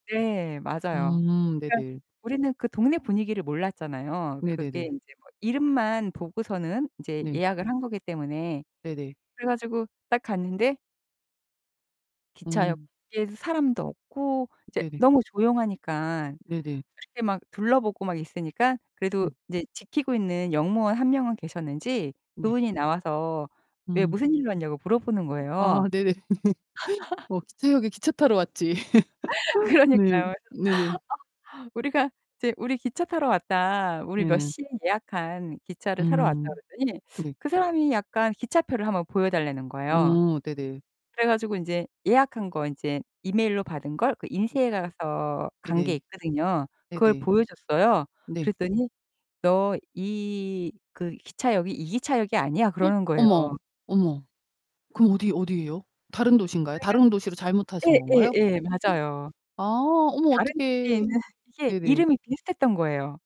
네. 맞아요. 음 그니까 네네. 우리는 그 동네 분위기를 몰랐잖아요. 그게 네네네. 인제 뭐 이름만 보고서는 이제 네. 예약을 한 거기 때문에. 네네. 그래 가지고 딱 갔는데 음. 기차역에 사람도 없고 이제 네네. 너무 조용하니까 네네. 이렇게 막 둘러보고 막 있으니까 그래도 음. 이제 지키고 있는 역무원 1 명은 계셨는지 네. 그분이 나와서 왜 음. 무슨 일로 왔냐고 물어보는 거예요. 아 네네네. 뭐 기차역에 기차 타러 왔지. 네. 그러니까요. 그래서 네네. 어 우리가 이제 "우리 기차 타러 왔다. 우리 몇 네네. 시에 예약한 기차를 타러 왔다." 음. 그랬더니 네. 그 사람이 약간 기차표를 한번 보여 달라는 거예요. 어 네네. 그래 가지고 인제 예약한 거 인제 이메일로 받은 걸 그 인쇄해 가서 간 게 네네. 있거든요. 그걸 네네. 보여줬어요. 네. 그랬더니 "너 이 그 기차역이 이 기차역이 아니야." 그러는 거예요. 어머, 어머. 그럼 어디 어디예요? 다른 도시인가요? 그러니까 다른 도시로 잘못 타신 예, 예, 건가요? 예. 맞아요. 아 어머 다른 도시에 어떡해. 있는 이게 네네. 이름이 비슷했던 거예요.